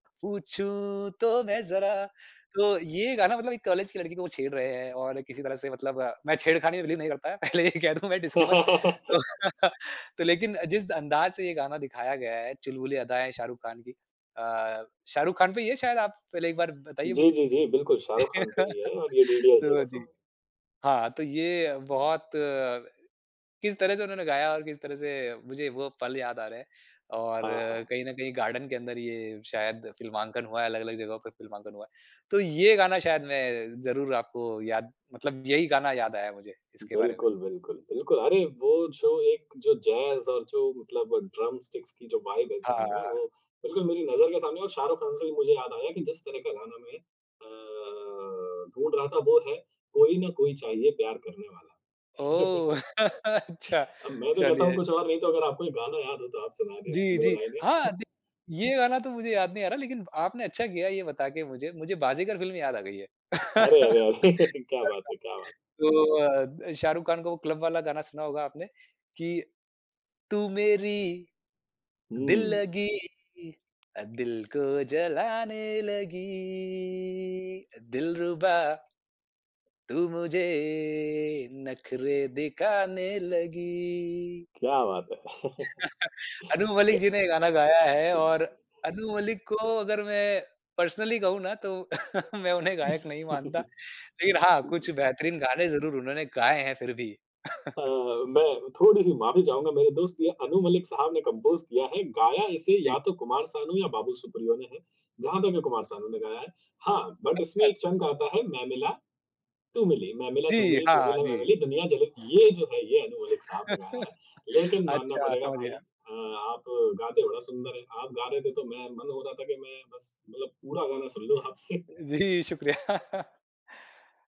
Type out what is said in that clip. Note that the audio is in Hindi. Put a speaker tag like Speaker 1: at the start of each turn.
Speaker 1: "पूछूँ तो मैं ज़रा।" तो ये गाना मतलब एक कॉलेज की लड़की को वो छेड़ रहे हैं और किसी तरह से मतलब अ, मैं छेड़खानी बिलीव नहीं रखता। पहले ये कह दूँ मैं डिस्क्लेमर। तो लेकिन जिस अंदाज़ से ये गाना दिखाया गया है, चुलबुली अदाएँ शाहरुख़ खान की। अ, शाहरुख़ खान पे ये शायद आप पहले एक बार बताइए
Speaker 2: जी,
Speaker 1: मुझे।
Speaker 2: जी, जी, बिल्कुल शाहरुख़ खान पे ही है। और ये डीडीएलजे का
Speaker 1: तो जी।
Speaker 2: सॉन्ग है।
Speaker 1: हाँ, तो ये बहुत किस तरह से उन्होंने गाया और किस तरह से मुझे वो पल याद आ रहे हैं। और
Speaker 2: हाँ, हाँ।
Speaker 1: कहीं न कहीं गार्डन के अंदर ये शायद फ़िल्मांकन हुआ है, अलग-अलग जगहों पर फिल्मांकन हुआ है। तो ये गाना शायद मैं ज़रूर आपको याद मतलब यही गाना याद आया मुझे, इसके बारे में।
Speaker 2: बिल्कुल, बिल्कुल, बिल्कुल। अरे वो जो एक जो जैज़ और जो मतलब ड्रम स्टिक्स की जो वाइब है इस
Speaker 1: हाँ, हाँ,
Speaker 2: गाने
Speaker 1: हाँ,
Speaker 2: में, वो
Speaker 1: हाँ।
Speaker 2: बिल्कुल मेरी नज़र के सामने है। और शाहरुख़ खान से भी मुझे याद आया कि जिस तरह का गाना मैं अ, ढूँढ़ रहा था, वो है कोई ना कोई चाहिए प्यार करने वाला।
Speaker 1: ओह! अच्छा
Speaker 2: अब मैं तो कहता हूँ,
Speaker 1: चलिए।
Speaker 2: कुछ और नहीं, तो अगर आपको ये गाना याद हो तो आप सुना दें इसकी
Speaker 1: जी,
Speaker 2: 2
Speaker 1: जी।
Speaker 2: लाइनें।
Speaker 1: हाँ, दि ये गाना तो मुझे याद नहीं आ रहा, लेकिन आपने अच्छा किया ये बता के मुझे। मुझे "बाज़ीगर" फ़िल्म याद आ गई है।
Speaker 2: अरे, अरे,
Speaker 1: [unintelligible]
Speaker 2: अरे क्या बात है, क्या बात।
Speaker 1: तो अ, द शाहरुख़ खान का वो क्लब वाला गाना सुना होगा आपने कि "तू मेरी दिल
Speaker 2: हुँ।
Speaker 1: लगी, दिल को जलाने लगी। दिलरुबा" "तू मुझे नखरे दिखाने लगी।"
Speaker 2: क्या बात है।
Speaker 1: अनु मलिक
Speaker 2: क्या
Speaker 1: जी ने ये गाना गाया है। और
Speaker 2: [unintelligible]
Speaker 1: अनु मलिक को अगर मैं पर्सनली कहूँ ना, तो मैं उन्हें गायक नहीं मानता। लेकिन हाँ, कुछ बेहतरीन गाने ज़रूर उन्होंने गाए हैं फिर भी।
Speaker 2: हाँ, हाँ। मैं थोड़ी-सी माफ़ी चाहूँगा, मेरे दोस्त। ये अनु मलिक साहब ने कंपोज़ किया है गाया है इसे
Speaker 1: जी।
Speaker 2: या तो कुमार सानू या बाबूल सुप्रियो ने है। जहाँ तक है, कुमार सानू ने गाया है। हाँ, बट
Speaker 1: अच्छा,
Speaker 2: इसमें
Speaker 1: अच्छ
Speaker 2: एक चंक आता है, "मैं मिला तू मिली, मैं मिला तू
Speaker 1: जी,
Speaker 2: मिली, तू
Speaker 1: हाँ,
Speaker 2: मिला मैं
Speaker 1: जी।
Speaker 2: मिली, दुनिया जले।" ये जो है, ये अनु मलिक साहब ने गाया है। लेकिन मानना
Speaker 1: अच्छा,
Speaker 2: पड़ेगा
Speaker 1: समझ
Speaker 2: भाई,
Speaker 1: गया।
Speaker 2: अ, आप गाते बड़ा सुंदर हैं। आप गा रहे थे, तो मेरा मन हो रहा था कि मैं बस मतलब पूरा गाना सुन लूँ आपसे।
Speaker 1: जी, शुक्रिया।